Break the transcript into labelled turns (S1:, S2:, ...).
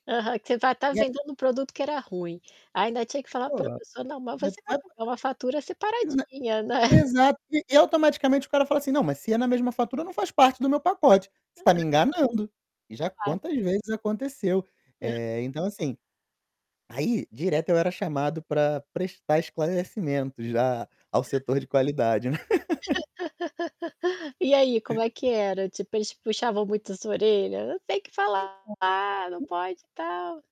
S1: Aham, que você vai estar
S2: E a
S1: vendendo um produto que era ruim ainda tinha que falar pra
S2: Ola
S1: pessoa: "Não, mas você vai [unintelligible] é uma fatura
S2: [unintelligible]
S1: separadinha, né".
S2: Exato, e automaticamente o cara fala assim: "Não, mas se é na mesma fatura, não faz parte do meu pacote. Você tá me enganando", já
S1: Claro.
S2: quantas vezes aconteceu.
S1: Hã.
S2: Eh, então, assim, aí direto eu era chamado pra prestar esclarecimentos já ao
S1: [unintelligible]
S2: setor de qualidade.
S1: E aí como é que era? Tipo, eles puxavam muito sua orelha: "Não tem que
S2: Então,
S1: falar", "Não
S2: e
S1: pode e tal"?